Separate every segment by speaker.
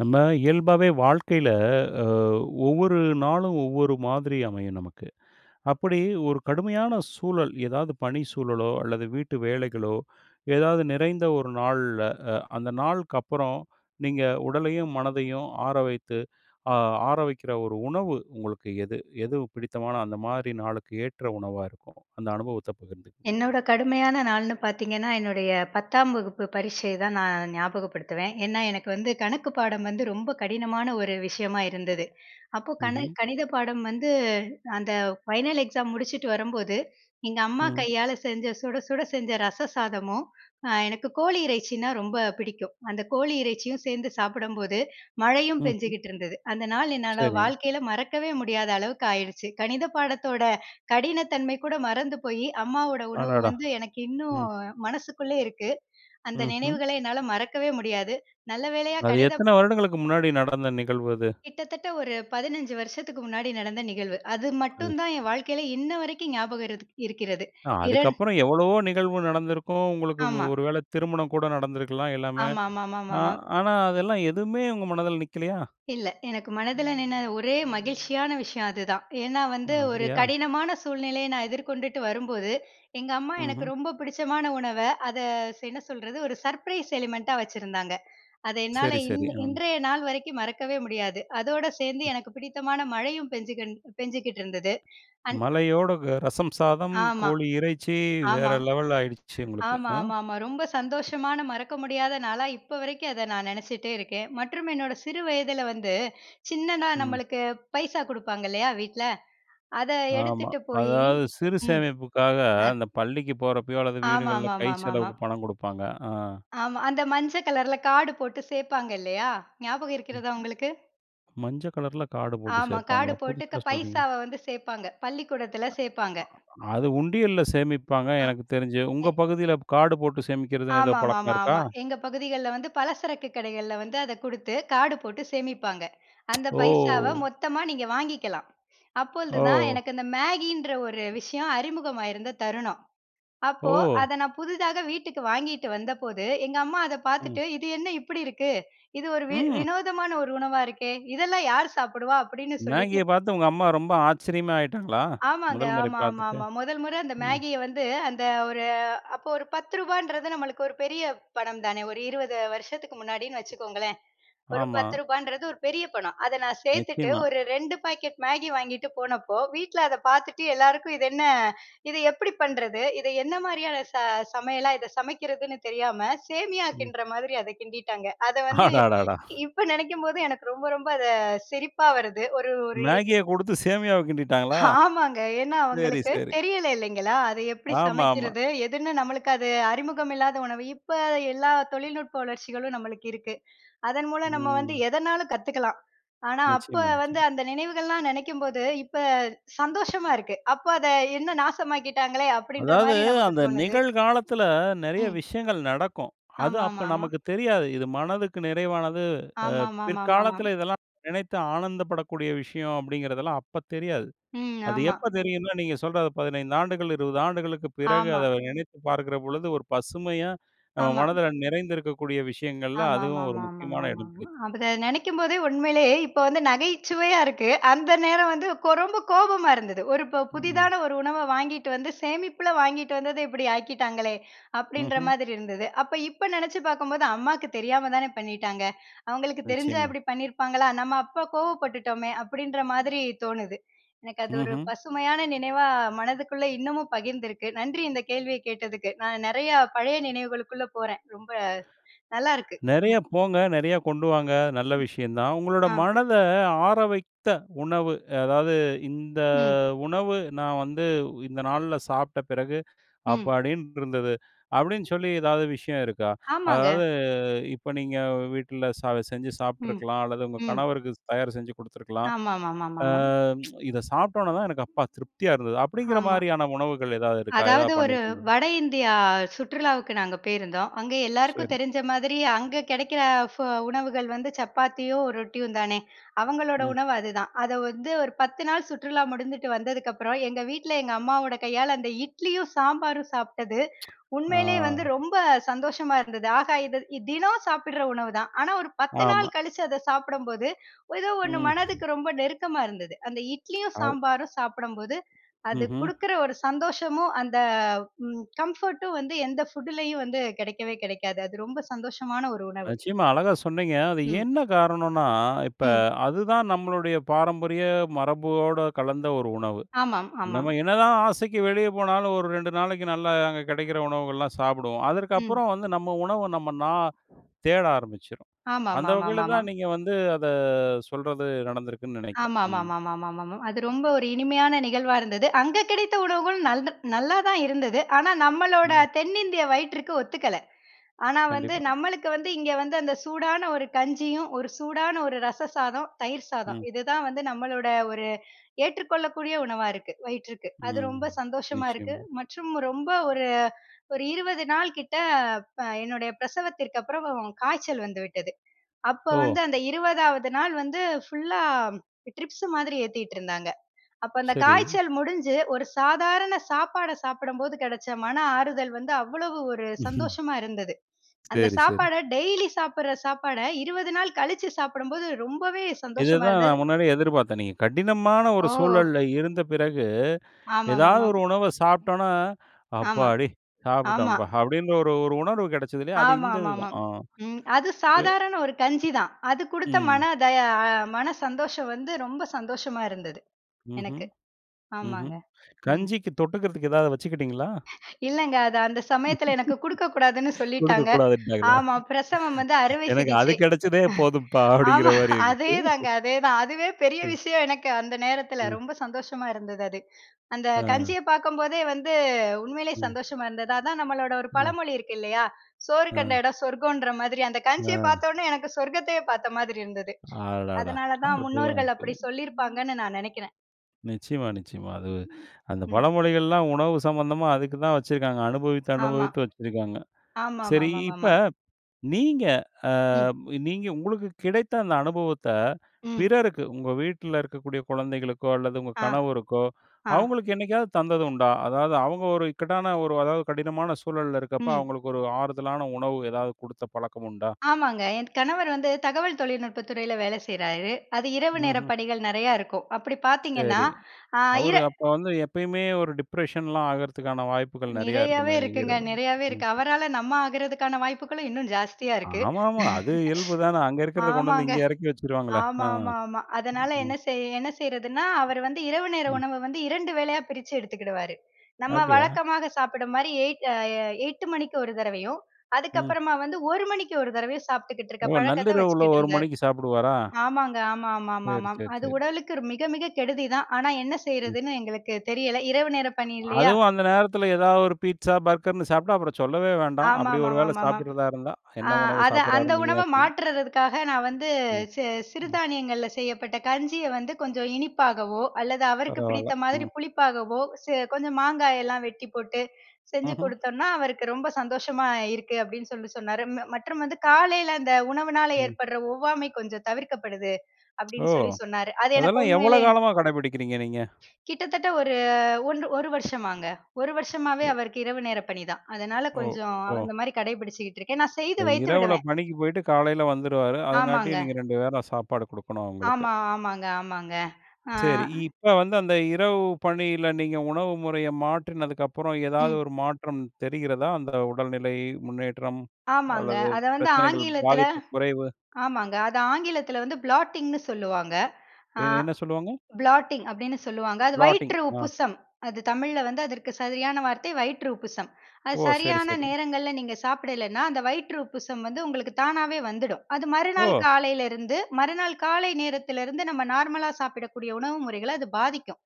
Speaker 1: நம்ப இயல்பாவே வாழ்க்கைல அ ஒவ்வொரு நாளும், ஒவ்வொரு மாதிரி அமையும் நமக்கு. அப்படி ஒரு கடுமையான சூழல் ஏதாவது பணி சூழலோ, அல்லது வீட்டு வேலைகளோ எதாவது நிறைந்த ஒரு நாள்ல, அந்த நாளுக்கு அப்புறம், நீங்க உடலையும் மனதையும் ஆற வைத்து ஆற வைக்குற ஒரு உணவு உங்களுக்கு எது? எது பிடித்தமான அந்த மாதிரி நாளுக்கு ஏற்ற உணவா இருக்கும்? அந்த அனுபவத்த பகிர்ந்துக்கங்க.
Speaker 2: என்னோட கடுமையான நாள்ன்னு பாத்தீங்கன்னா, என்னுடைய 10 வகுப்பு பரீட்சைய தான் நான் ஞாபகப்படுத்துவேன். ஏன்னா, எனக்கு வந்து கணக்கு பாடம் வந்து ரொம்ப கடினமான ஒரு விஷயமா இருந்தது. அப்போ கண
Speaker 1: ம்ஹ்ம்.
Speaker 2: கணிதப் பாடம் வந்து அந்த ஃபைனல் எக்ஸாம் முடிச்சுட்டு வரும்போது, எங்க அம்மா
Speaker 1: ம்.
Speaker 2: கையால செஞ்ச சுட சுட செஞ்ச ரச சாதமும், அ எனக்கு கோழி இறைச்சினா ரொம்ப பிடிக்கும். அந்த கோழி இறைச்சியும் சேர்ந்து சாப்பிடும்போது, மழையும்
Speaker 1: ம்.
Speaker 2: பெஞ்சுகிட்டு இருந்தது. அந்த நாள் என்னால
Speaker 1: சரி.
Speaker 2: வாழ்க்கைல மறக்கவே முடியாத அளவுக்கு ஆயிடுச்சு. கணித பாடத்தோட கடினத்தன்மை கூட மறந்து போயி அம்மாவோட உணவு
Speaker 1: அடடா!
Speaker 2: வந்து எனக்கு இன்னும்
Speaker 1: ம்.
Speaker 2: மனசுக்குள்ளயே இருக்கு. அந்த
Speaker 1: ம்ஹ்ம்.
Speaker 2: நினைவுகள என்னால மறக்கவே முடியாது. நல்ல வேளையா
Speaker 1: அது
Speaker 2: கணித
Speaker 1: எத்தன வருடங்களுக்கு முன்னாடி நடந்த நிகழ்வு அது?
Speaker 2: கிட்டத்தட்ட ஒரு 15 வருஷத்துக்கு முன்னாடி நடந்த நிகழ்வு. அது மட்டும் தான் என் வாழ்க்கைல இன்ன வரைக்கும் ஞாபகம் இருன் இருக்கிறது.
Speaker 1: அ
Speaker 2: இதன்
Speaker 1: அதுக்கப்புறம் எவ்வளவோ நிகழ்வு நடந்துருக்கும், உங்களுக்கு
Speaker 2: ஆமா.
Speaker 1: ஒரு வேள திருமணம் கூட நடந்துருக்கலாம் எல்லாமே. அ
Speaker 2: ஆமாமாமாமாமா.
Speaker 1: ஆனா, அது எல்லாம் எதுவுமே உங்க மனதுல நிக்கலையா?
Speaker 2: இல்ல, எனக்கு மனதுல நின்ன ஒரே மகிழ்ச்சியான விஷயம் அதுதான். ஏன்னா,
Speaker 1: அ,
Speaker 2: வந்து ஒரு
Speaker 1: அப்படியா?
Speaker 2: கடினமான சூழ்நிலைய நான் எதிர்கொண்டுட்டு வரும்போது, எங்க அம்மா எனக்கு
Speaker 1: ம்ஹ்ம்.
Speaker 2: ரொம்ப பிடிச்சமான உணவ, அத என்ன சொல்றது, ஒரு சர்ப்ரைஸ் எலிமெண்டா வச்சிருந்தாங்க. அத என்னால
Speaker 1: சரி,
Speaker 2: இன்
Speaker 1: சரி. அ.
Speaker 2: இன்றைய நாள் வரைக்கும் மறக்கவே முடியாது. அதோட சேர்ந்து எனக்கு பிடித்தமான மழயும் பெஞ்சு பெஞ்சுகிட்டு இருந்தது. அன்
Speaker 1: மழையோட க ரசம் சாதம்,
Speaker 2: ஆமா.
Speaker 1: கோழி இறைச்சி வேற
Speaker 2: ஆமாம்.
Speaker 1: லெவல் ஆயிடுச்சு உங்களுக்கு, அ.
Speaker 2: ஆமாமாமா. ரொம்ப சந்தோஷமான மறக்க முடியாத நாளா இப்ப வரைக்கும் அத நான் நெனச்சிட்டே இருக்கேன். மற்றும், என்னோட சிறு வயதுல வந்து சின்னதா
Speaker 1: ம்.
Speaker 2: நம்பளுக்கு பைசா குடுப்பாங்க இல்லயா, வீட்டுல அத
Speaker 1: ஆமா,
Speaker 2: எடுத்துட்டு போய்.
Speaker 1: அதாவது சிறு
Speaker 2: ம்.
Speaker 1: சேமிப்புக்காக,
Speaker 2: அ.
Speaker 1: அந்த பள்ளிக்கு போறப்பையோ அல்லது வீடுகள்ல கை
Speaker 2: ஆமாமாமாமாமா.
Speaker 1: செலவுக்கு பணம் குடுப்பாங்க. அ.
Speaker 2: ஆமா. அந்த மஞ்ச கலருல கார்டு போட்டு சேர்ப்பாங்க இல்லயா, ஞாபகம் இருக்கிறதா உங்களுக்கு?
Speaker 1: மஞ்ச கலருல கார்டு போட்டு
Speaker 2: ஆமா, கார்டு
Speaker 1: சேர்ப்பாங்களா?
Speaker 2: போட்டு க
Speaker 1: புதுசா சொல்லுறீங்க!
Speaker 2: பைசாவ வந்து சேர்ப்பாங்க, பள்ளிக்கூடத்துல சேர்ப்பாங்க.
Speaker 1: அ அது உண்டியல்ல சேமிப்பாங்க
Speaker 2: அ.
Speaker 1: எனக்கு தெரிஞ்சு. உங்க
Speaker 2: எ
Speaker 1: பகுதில கார்டு போட்டு சேமிக்குறதுன்னு, ஏதோ பழக்கம் இருக்கா?
Speaker 2: ஆமாமாமாமா. எங்க பகுதிகள்ல வந்து பலசரக்கு கடைகள்ல வந்து அத குடுத்து கார்டு போட்டு சேமிப்பாங்க. அந்த பைசாவ
Speaker 1: ஓ!
Speaker 2: மொத்தமா நீங்க வாங்கிக்கலாம். அப்பொழுதுதான் எனக்கு
Speaker 1: ஓ!
Speaker 2: அந்த மேகின்ற ஒரு விஷயம் அறிமுகமாயிருந்த தருணம். அப்போ அத
Speaker 1: ஓ!
Speaker 2: நான் புதிதாக வீட்டுக்கு வாங்கிட்டு வந்தபோது, எங்க அம்மா அத
Speaker 1: ம்.
Speaker 2: பாத்துட்டு, இது என்ன இப்படி இருக்கு? இது ஒரு வி
Speaker 1: ம்.
Speaker 2: வினோதமான ஒரு உணவா இருக்கே, இதெல்லாம் யார் சாப்பிடுவா? அப்படின்னு சொல்லிட்டு.
Speaker 1: மேகிய பாத்து உங்க அம்மா ரொம்ப ஆச்சரியமா ஆயிட்டாங்களா?
Speaker 2: ஆமாங்க.
Speaker 1: முதல் முறை பார்த்துட்டு.
Speaker 2: ஆமாமாமா. முதல் முறை அந்த
Speaker 1: ம்.
Speaker 2: மேகிய வந்து அந்த ஒரு அப்போ ஒரு ரூ.10ன்றது நம்பளுக்கு ஒரு பெரிய பணம் தானே. ஒரு 20 வருஷத்துக்கு முன்னாடின்னு வச்சுக்கோங்களேன். ஒரு
Speaker 1: ஆமா.
Speaker 2: ரூ.10ன்றது ஒரு பெரிய பணம். அத நான் சேர்த்துட்டு
Speaker 1: நிச்சயமா.
Speaker 2: ஒரு 2 பாக்கெட் மேகி வாங்கிட்டு போனப்போ, வீட்டுல அத பாத்துட்டு எல்லாருக்கும் இது என்ன? இத எப்படி பண்ணுறது? இத என்ன மாரியான ச சமையலா, இத சமைக்குறதுன்னு தெரியாம. சேமியா
Speaker 1: ம்.
Speaker 2: கிண்ட்ற மாதிரி அத கிண்டிட்டாங்க. அத வந்து
Speaker 1: அடாடாடா!
Speaker 2: இப்போ நினைக்கும்போது எனக்கு ரொம்ப ரொம்ப அத சிரிப்பா வருது. ஒரு, ஒரு
Speaker 1: மேகிய குடுத்து சேமியாவ கிண்டிட்டாங்களா?
Speaker 2: ஆமாங்க. ஏன்னா,
Speaker 1: சரி,
Speaker 2: அவங்களுக்கு
Speaker 1: சரி.
Speaker 2: தெரியல இல்லங்களா, அத எப்படி
Speaker 1: ஆமாமா.
Speaker 2: சமைக்குறது? எதுன்னு நம்பளுக்கு அது அறிமுகம் இல்லாத உணவு. இப்ப எல்லா தொழில்நுட்ப வளர்ச்சிகளும் நம்பளுக்கு இருக்கு. அதன் மூலம் நம்ப வந்து
Speaker 1: ம்.
Speaker 2: எதனாலும் கத்துக்கலாம். ஆனா, அப்போ
Speaker 1: நிச்சயமா,
Speaker 2: வந்து
Speaker 1: நிச்சயமா.
Speaker 2: அந்த நினைவுகள்லாம் நெனைக்கும்போது இப்போ சந்தோஷமா இருக்கு. அப்போ அத என்ன நாசமாக்கிட்டாங்களே, அப்படின்ற
Speaker 1: அதாவது
Speaker 2: மாதிரி நமக்கு
Speaker 1: அந்த
Speaker 2: தோணுது.
Speaker 1: நிகழ்காலத்துல நெறைய
Speaker 2: ம்.
Speaker 1: விஷயங்கள் நடக்கும். அது அப்ப
Speaker 2: ஆமாமாமா.
Speaker 1: நமக்கு தெரியாது. "இது மனதுக்கு நிறைவானது, அ
Speaker 2: ஆமாமாமாமாமா.
Speaker 1: பிற்காலத்துல இதெல்லாம் நினைத்து ஆனந்தப்படக்கூடிய விஷயம்." அப்படிங்குறதெல்லாம் அப்ப தெரியாது.
Speaker 2: ம்.
Speaker 1: அது
Speaker 2: ஆமா.
Speaker 1: எப்ப தெரியும்னா, நீங்க சொல்ற 15 ஆண்டுகள், 20 ஆண்டுகளுக்குப் பிறகு
Speaker 2: ஆமா.
Speaker 1: அத நினைத்து பார்க்குற பொழுது ஒரு பசுமையா, நம்ப
Speaker 2: ஆமா.
Speaker 1: மனதுல நிறைந்திருக்கக்கூடிய விஷயங்கள்ல அதுவும் ஒரு முக்கியமான
Speaker 2: ஆமாமாமாமாமாமா.
Speaker 1: இடம் பிடி
Speaker 2: அத நெனைக்கும்போதே உண்மையிலேயே இப்போ வந்து நகைச்சுவையா இருக்குது. அந்த நேரம் வந்து ரொம்ப கோபமா இருந்தது ஒரு
Speaker 1: ம்.
Speaker 2: புதிதான ஒரு உணவ வாங்கிட்டு வந்து சேமிப்புல வாங்கிட்டு வந்த இப்படி ஆக்கிட்டாங்களே? அப்படின்ற
Speaker 1: ம்ஹ்ம்.
Speaker 2: மாதிரி இருந்தது அப்போ. இப்போ நினைச்சு பார்க்கும்போது அம்மாவுக்கு தெரியாம தானே பண்ணிவிட்டாங்க. அவங்களுக்கு தெரிஞ்சா
Speaker 1: நிச்சயமா.
Speaker 2: இப்படி பண்ணியிருப்பாங்களா? நம்ப அப்போ கோவப்பட்டுட்டோமே, அப்படின்ற மாதிரி தோணுது. எனக்கு அது ஒரு
Speaker 1: ம்ஹ்ம்.
Speaker 2: பசுமையான நினைவா மனதுக்குள்ள இன்னமும் பகிர்ந்திருக்கு. நன்றி இந்த கேள்விய கேட்டதுக்கு நான் நிறைய பழைய நினைவுகளுக்குள்ள போறேன். ரொம்ப நல்லாயிருக்கு.
Speaker 1: நெறைய போங்க, நெறையா கொண்டு வாங்க! நல்ல
Speaker 2: ம்.
Speaker 1: விஷயம் தான். உங்களோட
Speaker 2: ஆ.
Speaker 1: மனத ஆற வைத்த உணவு, அதாவது இந்த
Speaker 2: ம்.
Speaker 1: உணவு நான் வந்து இந்த நாள்ல சாப்ட்ட பிறகு
Speaker 2: ம்.
Speaker 1: அப்பாடின்னுட்டு இருந்தது, அப்படீன்னு, சொல்லி ஏதாவது விஷயம் இருக்கா?
Speaker 2: ஆமாங்க.
Speaker 1: அதாவது இப்ப நீங்க வீட்டுல ச செஞ்சு சாப்பிட்டுருக்கலாம், அல்லது உங்க
Speaker 2: ம்.
Speaker 1: கணவருக்கு தயார் செஞ்சு குடுத்துருக்கலாம்.
Speaker 2: ஆமாமாமா.
Speaker 1: அ
Speaker 2: மேம்.
Speaker 1: "இத சாப்புட்டோன தான் எனக்கு அப்பா திருப்தியா இருந்தது" அப்படிங்குற
Speaker 2: ஆமா.
Speaker 1: மாரியான உணவுகள் ஏதாவது இருக்கா?
Speaker 2: அதாவது
Speaker 1: ஏதாவது
Speaker 2: ஒரு
Speaker 1: பண்ணிருக்கீங்களா?
Speaker 2: வட இந்தியா சுற்றுலாவுக்கு நாங்க போயிருந்தோம். அங்கே எல்லாருக்கும்
Speaker 1: சரி.
Speaker 2: தெரிஞ்ச மாதிரி அங்க கிடைக்குற உணவுகள் வந்து சப்பாத்தியும், ரொட்டியும் தானே. அவங்களோட
Speaker 1: ம்.
Speaker 2: உணவு அதுதான். அத வந்து ஒரு பத்து நாள் சுற்றுலா முடிஞ்சுட்டு வந்ததுக்கப்புறம் எங்க வீட்டுல எங்க அம்மாவோட கையால அந்த இட்லியும், சாம்பாரும் சாப்புட்டது
Speaker 1: ஆ!
Speaker 2: உண்மையிலேயே, வந்து ரொம்ப சந்தோஷமா இருந்தது. ஆகா இது தினம் சாப்புடுற உணவுதான். ஆனா, ஒரு பத்து
Speaker 1: ஆமா.
Speaker 2: நாள் கழித்து அத சாப்புடும்போது ஏதோ ஒண்ணு
Speaker 1: ம்.
Speaker 2: மனதுக்கு ரொம்ப நெருக்கமா இருந்தது. அந்த இட்லியும்,
Speaker 1: அது
Speaker 2: சாம்பாரும் சாப்புடும்போது அது
Speaker 1: ம்ஹ்ம்.
Speaker 2: குடுக்குற ஒரு சந்தோஷமும், அந்த கம்ஃபர்ட்டும் வந்து எந்த ஃபுட்லேயும் வந்து கிடைக்கவே கிடைக்காது. அது ரொம்ப சந்தோஷமான ஒரு உணவு.
Speaker 1: நிச்சயமா அழகா சொன்னீங்க. அது
Speaker 2: ம்.
Speaker 1: என்ன காரணம்னா, இப்ப,
Speaker 2: ம்.
Speaker 1: அதுதான் நம்பளோடைய பாரம்பரிய மரபோட கலந்த ஒரு உணவு.
Speaker 2: ஆமாம், ஆமாம்.
Speaker 1: நம்ப என்னதான் ஆசைக்கு வெளிய போனாலும், ஒரு 2 நாளைக்கு நல்லா அங்க கிடைக்கிற உணவுகள்லாம் சாப்பிடுவோம்.
Speaker 2: ம்.
Speaker 1: அதற்கப்புறம் வந்து நம்ப உணவு நம்ப நா தேட ஆரம்பிச்சுரும். அந்த வகைல
Speaker 2: ஆமாமாமாமாமா.
Speaker 1: தான் நீங்க வந்து அத சொல்றது நடந்துருக்குன்னு நினைக்குறேன். ம்.
Speaker 2: ஆமாமாமாமாமாமாமா. அது ரொம்ப ஒரு இனிமையான நிகழ்வா இருந்தது. அங்க கிடைத்த உணவுகள் நல்ல நல்லா தான் இருந்தது. ஆனா, நம்பளோட
Speaker 1: ம்.
Speaker 2: தென்னிந்திய வயிற்றுக்கு ஒத்துக்கல. ஆனா, வந்து
Speaker 1: கண்டிப்பா.
Speaker 2: நம்பளுக்கு வந்து இங்கே வந்து அந்த சூடான ஒரு கஞ்சியும், ஒரு சூடான ஒரு ரச சாதம், தயிர் சாதம்.
Speaker 1: ம்.
Speaker 2: இதுதான் வந்து நம்பளோட ஒரு ஏற்றுக்கொள்ளக்கூடிய உணவா இருக்கு வயிற்றுக்கு. அது
Speaker 1: ம்.
Speaker 2: ரொம்ப சந்தோஷமா இருக்கு.
Speaker 1: நிச்சயமா.
Speaker 2: மற்றும் ரொம்ப ஒரு ஒரு 20 நாள் கிட்ட அ என்னுடைய பிரசவத்திற்கு அப்புறம் காய்ச்சல் வந்து விட்டது. அப்போ
Speaker 1: ஓ!
Speaker 2: வந்து அந்த 20வது நாள் வந்து ஃபுல்லா ட்ரிப்ஸ் மாரி ஏத்திட்டுருந்தாங்க. அப்போ அந்த
Speaker 1: சரி.
Speaker 2: காய்ச்சல் முடிஞ்சு, ஒரு சாதாரண சாப்பாட சாப்புடும்போது கிடைச்ச மன ஆறுதல் வந்து அவ்வளவு ஒரு சந்தோஷமா இருந்தது. அந்த
Speaker 1: சரி, சரி.
Speaker 2: சாப்பாட டெய்லி சாப்புடுற சாப்பாட இருபது நாள் கழிச்சி சாப்பிடும்போது, ரொம்பவே சந்தோஷமா
Speaker 1: இதுதான்
Speaker 2: இருந்தது.
Speaker 1: நான் முன்னாடியே எதிர்பார்த்தேன். நீங்க கடினமான ஒரு
Speaker 2: ஓ!
Speaker 1: சூழல்ல இருந்த பிறகு, ஏதாவது
Speaker 2: ஆமாமாமா.
Speaker 1: ஒரு உணவ சாப்பிட்டோம்னா,
Speaker 2: ஆமா,
Speaker 1: "அப்பாடி!
Speaker 2: ஆமா.
Speaker 1: சாப்பிட்டோம்ப்பா!" அப்படிங்குற ஒரு ஒரு உணர்வு கிடைச்சதுலையா? அது இந்த
Speaker 2: ஆமாமாமா.
Speaker 1: இதுதான். அ.
Speaker 2: ம் அது
Speaker 1: எ
Speaker 2: சாதாரண ஒரு கஞ்சிதான். அது குடுத்த மன
Speaker 1: ம்.
Speaker 2: தயா அ மன சந்தோஷம் வந்து ரொம்ப சந்தோஷமா இருந்தது.
Speaker 1: ம்ஹ்ம்
Speaker 2: எனக்கு.
Speaker 1: ம்ஹ்ம்.
Speaker 2: ஆமாங்க. ம்.
Speaker 1: கஞ்சிக்கு தொட்டுக்குறதுக்கு ஏதாவது வச்சுகிட்டீங்களா?
Speaker 2: இல்லங்க. அது அந்த சமயத்துல எனக்கு குடுக்கக்கூடாதுன்னு சொல்லிட்டாங்க.
Speaker 1: குடுக்கக்கூடாதுன்னுட்டாங்களா?
Speaker 2: ஆமா, பிரசவம் வந்து அறுவை
Speaker 1: "எனக்கு அது
Speaker 2: சிகிச்சை.
Speaker 1: கிடைச்சதே போதும்ப்பா" அப்படிங்குற
Speaker 2: ஆமா,
Speaker 1: மாதிரி இருக்கு. ம்!
Speaker 2: அதேதாங்க. அதேதான். அதுவே பெரிய
Speaker 1: ம்.
Speaker 2: விஷயம் எனக்கு. அந்த நேரத்துல
Speaker 1: ம்.
Speaker 2: ரொம்ப சந்தோஷமா இருந்தது அது. அந்த
Speaker 1: அ.
Speaker 2: கஞ்சிய பாக்கும்போதே வந்து உண்மையிலேயே
Speaker 1: ம்.
Speaker 2: சந்தோஷமா இருந்தது. அதான் நம்பளோட ஒரு
Speaker 1: அ.
Speaker 2: பழமொழி இருக்கு இல்லயா? சோறு
Speaker 1: அ.
Speaker 2: கண்ட இடம் சொர்க்கம்ன்ற மாதிரி. அந்த கஞ்சிய
Speaker 1: அ.
Speaker 2: பாத்த உடனே எனக்கு சொர்க்கத்தயே பாத்த மாதிரி இருந்தது.
Speaker 1: அடடா!
Speaker 2: அதுனால தான்
Speaker 1: அற்புதம்,
Speaker 2: முன்னோர்கள் அப்படி
Speaker 1: அற்புதம். ம்.
Speaker 2: சொல்லியிருப்பாங்கன்னு நான் நெனைக்கிறேன்.
Speaker 1: நிச்சயமா, நிச்சயமா. அது அந்த
Speaker 2: ம்.
Speaker 1: பழமொழிகள்லாம் உணவு சம்மந்தமா அதுக்குதான் வச்சிருக்காங்க. அனுபவித்து,
Speaker 2: ஆமா.
Speaker 1: அனுபவித்து வச்சிருக்காங்க. சரி இப்ப
Speaker 2: ஆமாமாமாமாமா.
Speaker 1: நீங்க அ
Speaker 2: ம்.
Speaker 1: நீங்க உங்களுக்கு கிடைத்த அந்த அனுபவத்த,
Speaker 2: ம்.
Speaker 1: பிறருக்கு உங்க வீட்ல இருக்கக்கூடிய குழந்தைகளுக்கோ அல்லது உங்கள்
Speaker 2: ஆ.
Speaker 1: கணவருக்கோ,
Speaker 2: ஆ.
Speaker 1: அவுங்களுக்கு என்னைக்காவது தந்தது உண்டா? அதாவது அவுங்க ஒரு இக்கட்டான ஒரு அதாவது கடினமான சூழல்ல இருக்கப்ப
Speaker 2: ம்.
Speaker 1: அவுங்களுக்கு ஒரு ஆறுதலான உணவு எதாவது கொடுத்த பழக்கம் உண்டா?
Speaker 2: ஆமாங்க. என் கணவர் வந்து தகவல் தொழில்நுட்பத் துறையில வேல செய்றாரு. அது இரவு நேர
Speaker 1: ம்ஹ்ம்.
Speaker 2: பணிகள் நிறைய இருக்கும். அப்பிடி பார்த்தீங்கன்னா,
Speaker 1: சரி.
Speaker 2: அ இர
Speaker 1: அவரு அப்போ வந்து எப்பயுமே ஒரு டிப்ரஷன்லாம் ஆகுறதுக்கான வாய்ப்புகள் நிறைய
Speaker 2: நிறையாவே
Speaker 1: இருக்குமே,
Speaker 2: இருக்குங்க.
Speaker 1: இரவுல.
Speaker 2: நிறையாவே
Speaker 1: ம்.
Speaker 2: இருக்கு. அவரால நம்ம ஆகுறதுக்கான வாய்ப்புகளும் இன்னும் ஜாஸ்தியா இருக்கு.
Speaker 1: ஆமாமா. அது இயல்புதான. அங்க இருக்குறத கொண்டு வந்து
Speaker 2: ஆமாங்க.
Speaker 1: இங்கே இறக்கி வச்சிருவாங்களே. ஆ,
Speaker 2: ஆமா, ஆமா, ஆமா. அதனால
Speaker 1: ம்.
Speaker 2: என்ன செய்ய என்ன செய்யிறதுன்னா, அவர் வந்து இரவு நேர
Speaker 1: ம்.
Speaker 2: உணவ வந்து இரண்டு வேளையா பிரிச்சி எடுத்துக்கிடுவாரு. நம்ம
Speaker 1: அப்பிடியா!
Speaker 2: வழக்கமாக சாப்பிட்றமாரி எயிட் அ 8:00 மணிக்கு ஒரு தடவையும்,
Speaker 1: ம்.
Speaker 2: அதுக்கப்புறமா வந்து 1:00 மணிக்கு ஒரு தடவையும் சாப்பிட்டுக்கிட்டுருக்க
Speaker 1: ஓ!
Speaker 2: பழக்கத்த
Speaker 1: நள்ளிரவுல 1
Speaker 2: வச்சுக்கிட்டுருந்தாரு.
Speaker 1: மணிக்கு சாப்டுவாரா
Speaker 2: ஆமாங்க. ஆமா, ஆமா, ஆமா,
Speaker 1: சரி,
Speaker 2: ஆமாம்.
Speaker 1: சரி,
Speaker 2: அது
Speaker 1: சரி.
Speaker 2: உடலுக்கு மிக மிக கெடுதி தான். ஆனா, என்ன
Speaker 1: ம்.
Speaker 2: செய்றதுன்னு எங்களுக்கு தெரியல. இரவு நேர பணி இல்லயா?
Speaker 1: அதுவும் அந்த நேரத்தில ஏதாவது ஒரு பீட்சா, பர்கர்ன்னு சாப்பிட்டா, அப்புறம் சொல்லவே வேண்டாம். அப்பிடி ஒரு வேள
Speaker 2: ஆமாமாமாமா.
Speaker 1: சாப்பிடுறதா இருந்தா,
Speaker 2: அ
Speaker 1: என்ன உணவு
Speaker 2: அத அந்த
Speaker 1: சாப்பிடுறாருன்னு நீங்க
Speaker 2: உணவ
Speaker 1: தான் சொல்லணும்.
Speaker 2: மாற்றுறதுக்காக நான் வந்து
Speaker 1: ம்,
Speaker 2: சி
Speaker 1: ம்.
Speaker 2: சிறுதானியங்கள்ல செய்யப்பட்ட கஞ்சிய வந்து கொஞ்சம் இனிப்பாகவோ, அல்லது அவருக்கு
Speaker 1: பரவாயில்ல,
Speaker 2: பிடித்த மாதிரி
Speaker 1: ம்.
Speaker 2: புளிப்பாகவோ, செ கொஞ்சம் மாங்காய் எல்லாம் வெட்டி போட்டு, செஞ்சு
Speaker 1: ம்ஹ்ம்.
Speaker 2: கொடுத்தோன்னா, அவருக்கு ரொம்ப சந்தோஷமா இருக்கு அப்பிடின்னு சொல்லி சொன்னாரு. ம மற்றும் வந்து காலையில அந்த உணவினால
Speaker 1: ம்.
Speaker 2: ஏற்பட்ற ஒவ்வாமை கொஞ்சம் தவிர்க்கப்படுது,
Speaker 1: ஓ!
Speaker 2: அப்பிடின்னு சொல்லி சொன்னாரு. அது எனக்கு
Speaker 1: அதெல்லாம் எவள
Speaker 2: உண்மையிலே
Speaker 1: காலமா கடைபிடிக்கிறீங்க நீங்க?
Speaker 2: கிட்டத்தட்ட ஒரு ஒன்று ஒரு வருஷமாங்க. ஒரு வருஷமாவே
Speaker 1: ஓ!
Speaker 2: அவருக்கு இரவு நேர பணிதான். அதனால,
Speaker 1: ஓ!
Speaker 2: கொஞ்சம்
Speaker 1: ஓ!
Speaker 2: இந்தமாரி கடைப்பிடிச்சுகிட்டு இருக்கேன். நான்
Speaker 1: அ
Speaker 2: செய்து வைத்து
Speaker 1: இரவுல
Speaker 2: விடுவேன்.
Speaker 1: பணிக்கு போயிட்டு காலையில வந்துருவாரு.
Speaker 2: ஆமாங்க.
Speaker 1: அதுங்காட்டியும் நீங்க ரெண்டு வேள சாப்பாடு கொடுக்கணும் அவுங்களுக்கு.
Speaker 2: ஆமா, ஆமாங்க, ஆமாங்க. ஆ.
Speaker 1: சரி. இப்ப வந்து அந்த இரவு பணியில நீங்க உணவு முறைய மாற்றினதுக்கு அப்புறம் ஏதாவது
Speaker 2: ம்.
Speaker 1: ஒரு மாற்றம் தெரிகிறதா? அந்த உடல்நிலை முன்னேற்றம்
Speaker 2: ஆமாங்க.
Speaker 1: அல்லது
Speaker 2: அத வந்து
Speaker 1: பிரச்சனைகள்
Speaker 2: ஆங்கிலத்தில
Speaker 1: பாதிப்பு குறைவு?
Speaker 2: ஆமாங்க. அத ஆங்கிலத்தில வந்து ப்ளாட்டிங்னு சொல்லுவாங்க. அ.
Speaker 1: எ என்ன சொல்லுவாங்க?
Speaker 2: ப்ளாட்டிங் அப்பிடின்னு சொல்லுவாங்க. அது
Speaker 1: ப்ளாட்டிங்.
Speaker 2: வயிற்று
Speaker 1: ஆ.
Speaker 2: உப்புசம் அது தமிழ்ல வந்து அதற்கு சரியான வார்த்தை வயிற்று உப்புசம். அது
Speaker 1: ஓ! சரி,
Speaker 2: சரியான
Speaker 1: சரி.
Speaker 2: நேரங்கள்ல நீங்க சாப்பிடலேன்னா, அந்த வயிற்று உப்புசம் வந்து உங்களுக்கு தானாவே வந்துடும். அது மறுநாள்
Speaker 1: ஓ!
Speaker 2: காலையில இருந்து, மறுநாள் காலை நேரத்தில இருந்து நம்ம நார்மலா சாப்பிடக்கூடிய உணவு முறைகளை அது பாதிக்கும்.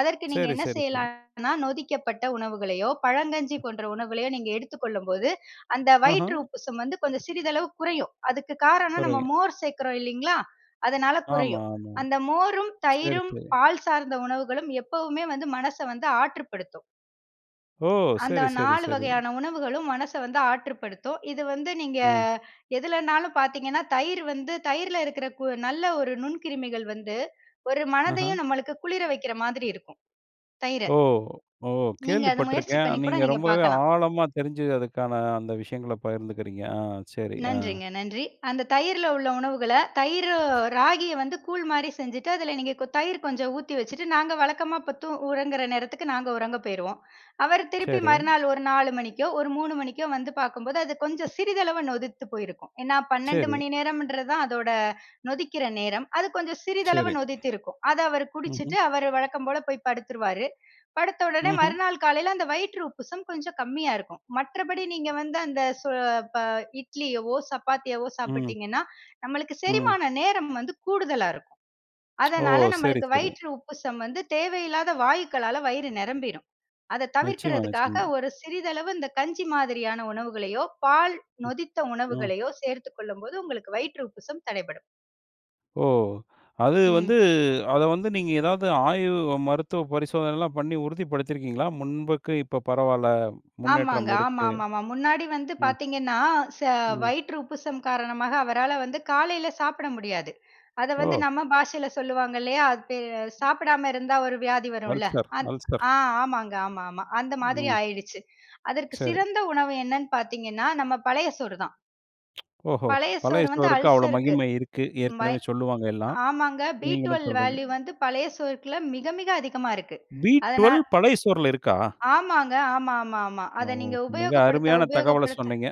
Speaker 2: அதற்கு நீங்க
Speaker 1: சரி,
Speaker 2: என்ன
Speaker 1: சரி, சரி.
Speaker 2: செய்யலான்னா, நொதிக்கப்பட்ட உணவுகளையோ, பழங்கஞ்சி
Speaker 1: அ.
Speaker 2: போன்ற உணவுகளையோ நீங்க எடுத்துக் கொள்ளும்போது, அந்த வயிற்று
Speaker 1: ம்ஹ்ம்.
Speaker 2: உப்புசம் வந்து கொஞ்சம் சிறிதளவு குறையும். அதுக்கு காரணம் நம்ம
Speaker 1: குறையும்.
Speaker 2: மோர் சேர்க்கிறோம் இல்லேங்களா, அதனால
Speaker 1: ஆமா,
Speaker 2: குறையும்.
Speaker 1: ஆமா.
Speaker 2: அந்த மோரும்,
Speaker 1: சரி,
Speaker 2: தயிரும்
Speaker 1: சரி.
Speaker 2: பால் சார்ந்த உணவுகளும் எப்பவுமே வந்து மனச வந்து ஆற்றுப்படுத்தும்.
Speaker 1: ஓ!
Speaker 2: அந்த
Speaker 1: சரி, சரி,
Speaker 2: 4
Speaker 1: சரி.
Speaker 2: வகையான உணவுகளும் மனச வந்து ஆற்றுப்படுத்தும். இது வந்து நீங்க
Speaker 1: ஆ.
Speaker 2: எதுலனாலும் பார்த்தீங்கன்னா தயிர் வந்து, தயிரில இருக்குற கு நல்ல ஒரு நுண்கிருமிகள் வந்து, ஒரு
Speaker 1: ஆஹ.
Speaker 2: மனதையும் நமக்கு குளிர வைக்கிற மாதிரி இருக்கும். தயிர.
Speaker 1: ஓ! ஓ!
Speaker 2: நீங்க
Speaker 1: கேள்வி
Speaker 2: அத முயற்சி
Speaker 1: பட்ருக்கேன்.
Speaker 2: பண்ணி கூட
Speaker 1: நீங்க
Speaker 2: நீங்க
Speaker 1: ரொம்பவே
Speaker 2: பார்க்கலாம்.
Speaker 1: ஆழமா தெரிஞ்சு, அதுக்கான அந்த விஷயங்கள பகிர்ந்துக்கிறீங்க. ஆ. சரி. ஆ.
Speaker 2: நன்றிங்க. நன்றி. அந்த தயிரில உள்ள உணவுகள, தயிரு ராகிய வந்து கூழ் மாரி செஞ்சுட்டு, அதில நீங்க கொ தயிர் கொஞ்சம் ஊத்தி வச்சுட்டு, நாங்க வழக்கமா இப்ப தூ உறங்குற நேரத்துக்கு நாங்க உறங்க போயிருவோம் அவரு திருப்பி
Speaker 1: சரி.
Speaker 2: மறுநாள் ஒரு 4: 00 மணிக்கோ, ஒரு 3: 00 மணிக்கோ, வந்து பார்க்கும்போது அது கொஞ்சம் சிறிதளவு நொதித்து போயிருக்கும். ஏன்னா 12
Speaker 1: சரி.
Speaker 2: மணி நேரம்ன்றது தான் அதோட நொதிக்கிற நேரம். அது கொஞ்சம் சிறிதளவு
Speaker 1: சரி.
Speaker 2: நொதித்திருக்கும். அத அவர் குடிச்சுட்டு
Speaker 1: ம்ஹ்ம்.
Speaker 2: அவர் வழக்கம் போல போய் படுத்துருவாரு படுத்த உடனே
Speaker 1: ம்ஹ்ம்.
Speaker 2: மறுநாள் காலையில அந்த வயிற்று உப்புசம் கொஞ்சம் கம்மியா இருக்கும். மற்றபடி நீங்க வந்து அந்த சொ ப இட்லியவோ, சப்பாத்தியவோ,
Speaker 1: ம்.
Speaker 2: சாப்பிட்டிங்கன்னா, நம்மளுக்கு
Speaker 1: ம்.
Speaker 2: செரிமான நேரம் வந்து கூடுதலா இருக்கும்.
Speaker 1: ஓ!
Speaker 2: அதனால
Speaker 1: சரி.
Speaker 2: நமக்கு
Speaker 1: சரி
Speaker 2: வயிற்று உப்புசம் வந்து தேவையில்லாத வாயுக்களால வயிறு நிரம்பிரும். அத
Speaker 1: நிச்சயமா.
Speaker 2: தவிர்க்கற்துக்காக,
Speaker 1: நிச்சயமா.
Speaker 2: ஒரு சிறிதளவு இந்த கஞ்சி மாதிரியான உணவுகளையோ, பால்
Speaker 1: ம்.
Speaker 2: நொதித்த
Speaker 1: ம்.
Speaker 2: உணவுகளையோ, சேர்த்துக் கொள்ளும் போது உங்களுக்கு வயிற்று உப்புசம் தடைபடும்.
Speaker 1: ஓ! அது வந்து
Speaker 2: ம்.
Speaker 1: அத வந்து நீங்க எதாவது ஆய்வு மருத்துவ பரிசோதனைலாம் பண்ணி உறுதிப்படுத்தி இருக்கீங்களா? முன்புக்கு இப்ப பரவாயில்ல,
Speaker 2: ஆமாங்க,
Speaker 1: முன்னேற்றம் இருக்கு.
Speaker 2: ஆமாமாமா. முன்னாடி வந்து
Speaker 1: ம்.
Speaker 2: பாத்தீங்கன்னா, ச
Speaker 1: ம்.
Speaker 2: வயிற்று உப்புசம் காரணமாக அவரால வந்து காலையில சாப்பிட முடியாது. அத வந்து
Speaker 1: ஓ!
Speaker 2: நம்ம பாஷையில சொல்லுவாங்க இல்லையா? அது பே சாப்பிடாம இருந்தா ஒரு வியாதி வரும்ல?
Speaker 1: அல்சர்,
Speaker 2: அத்
Speaker 1: அல்சர்.
Speaker 2: அ ஆமாங்க, ஆமா, ஆமா அந்த மாதிரி
Speaker 1: ம்.
Speaker 2: ஆயிடுச்சு. அதற்கு
Speaker 1: சரி.
Speaker 2: சிறந்த உணவு என்னன்னு பாத்தீங்கன்னா, நம்ம பழைய சோறு தான்.
Speaker 1: ஓஹோ!
Speaker 2: பழைய
Speaker 1: பழைய
Speaker 2: சோறு வந்து
Speaker 1: சோறுக்கு அவ்வளவு
Speaker 2: அல்சர்க்கு
Speaker 1: மகிமை இருக்கு,
Speaker 2: மை
Speaker 1: ஏற்கனவே சொல்லுவாங்க எல்லாம்.
Speaker 2: ஆமாங்க, பி
Speaker 1: நீங்களும்
Speaker 2: 12
Speaker 1: சொல்றீங்க.
Speaker 2: வேல்யூ வந்து பழைய சோறுக்குள்ள மிக, மிக அதிகமா இருக்கு.
Speaker 1: பி
Speaker 2: அதனால்
Speaker 1: 12 பழைய சோறுல இருக்கா?
Speaker 2: ஆமாங்க, ஆமாமாமா
Speaker 1: ஓ!
Speaker 2: அத நீங்க
Speaker 1: மிக
Speaker 2: உபயோகப்படுத்த,
Speaker 1: அருமையான தகவல
Speaker 2: உபயோகப்படுத்த
Speaker 1: சொன்னீங்க.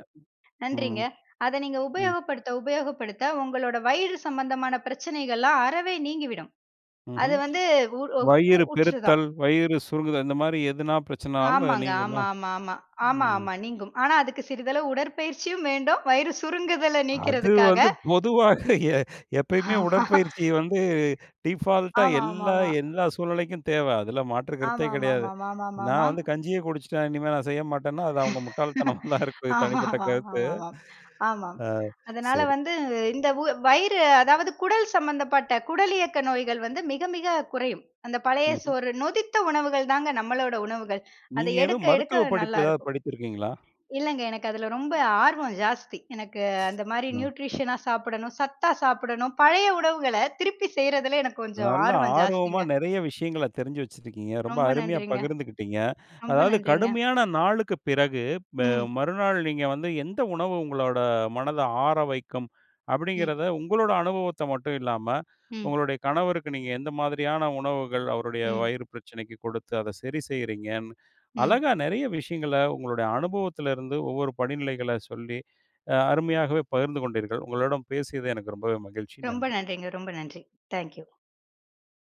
Speaker 1: ம்
Speaker 2: நன்றிங்க. அத நீங்க
Speaker 1: ம்.
Speaker 2: உபயோகப்படுத்த, உபயோகப்படுத்த உங்களோட வயிறு சம்பந்தமான பிரச்சனைகள்லாம் அறவே நீங்கிவிடும்.
Speaker 1: ம்ஹ்ம்
Speaker 2: அதுவந்து உ உ கு
Speaker 1: வயிறு
Speaker 2: கூற்றுதான்.
Speaker 1: பெருத்தல், வயிறு சுருங்குதல் இந்த மாரி எதுனா பிரச்சனனாலும் அது
Speaker 2: ஆமாங்க
Speaker 1: நீங்குமா?
Speaker 2: ஆமாமாமா.
Speaker 1: ம்.
Speaker 2: ஆமாமா நீங்கும். ஆனா அதுக்கு சிறிதளவு உடற்பயிற்சியும் வேண்டும் வயிறு சுருங்குதல
Speaker 1: அது
Speaker 2: நீக்குறதுக்காக
Speaker 1: வந்து பொதுவாக எ எப்பயுமே உடற்பயிற்சி வந்து டீபால்ட்டா எல்லா
Speaker 2: ஆமாமாமா.
Speaker 1: எல்லா சூழ்நிலைக்கும் தேவ, அதுல மாற்று கருத்தே கெடையாது.
Speaker 2: ஆமாமாமாமாமாமாமா.
Speaker 1: நான் வந்து கஞ்சியே குடிச்சிட்டேன் இனிமே நான் செய்யமாட்டேன்னா அது அவங்க முட்டாள்தனமா தான் இருக்கும், என்னோட தனிப்பட்ட கருத்து.
Speaker 2: ஆமாமாமாமா, ஆமாம்.
Speaker 1: ஆ
Speaker 2: அதனால
Speaker 1: சரி.
Speaker 2: வந்து இந்த உ வயிறு அதாவது குடல் சம்பந்தப்பட்ட, குடலியக்க நோய்கள் வந்து மிக, மிக குறையும். அந்த பழைய
Speaker 1: ம்ஹ்ம்.
Speaker 2: சோறு, நொதித்த உணவுகள் தான் நம்மளோட உணவுகள். அத
Speaker 1: நீங்க ஏதோ
Speaker 2: எடுக்க,
Speaker 1: மருத்துவ
Speaker 2: எடுக்க
Speaker 1: படிப்பு
Speaker 2: நல்லா
Speaker 1: எதாவது
Speaker 2: இருக்கும்.
Speaker 1: படித்திருக்கீங்களா?
Speaker 2: இல்லங்க, எனக்கு அதுல ரொம்ப ஆர்வம் ஜாஸ்தி. எனக்கு அந்த மாரி
Speaker 1: ஆ.
Speaker 2: நியூட்ரிஷனா சாப்பிடணும், சத்தா சாப்பிடணும், பழைய உணவுகள திருப்பி செய்யறதுல எனக்கு கொஞ்சம்
Speaker 1: நல்லா
Speaker 2: ஆர்வம்
Speaker 1: ஆர்வமா
Speaker 2: ஜாஸ்திங்க.
Speaker 1: நெறைய விஷயங்கள தெரிஞ்சு வச்சிருக்கீங்க. ரொம்ப
Speaker 2: ரொம்ப
Speaker 1: அருமையா
Speaker 2: நன்றிங்க,
Speaker 1: பகிர்ந்துக்கிட்டீங்க.
Speaker 2: ரொம்ப
Speaker 1: அதாவது
Speaker 2: நன்றிங்க.
Speaker 1: கடுமையான நாளுக்கு பிறகு ப
Speaker 2: ம்.
Speaker 1: மறுநாள் நீங்க வந்து எந்த உணவு உங்களோட மனத ஆறவைக்கும்?
Speaker 2: ம்.
Speaker 1: அப்டிங்கறத உங்களோட அனுபவத்த மட்டும் இல்லாம,
Speaker 2: ம்.
Speaker 1: உங்களோட கணவருக்கு நீங்க எந்த மாதிரியான உணவுகள் அவருடைய
Speaker 2: ம்.
Speaker 1: வயிறு பிரச்சனைக்கு கொடுத்து, அத சரி செய்யறீங்கன்னு,
Speaker 2: ம்.
Speaker 1: அழகா நெறைய விஷயங்கள உங்களோட அனுபவத்துல இருந்து ஒவ்வொரு படிநிலைகள சொல்லி, அ அருமையாகவே பகிர்ந்து கொண்டீர்கள். உங்களுடன் பேசியது எனக்கு ரொம்பவே மகிழ்ச்சி,
Speaker 2: ரொம்ப
Speaker 1: நன்றி!
Speaker 2: நன்றிங்க, ரொம்ப நன்றி. Thank you.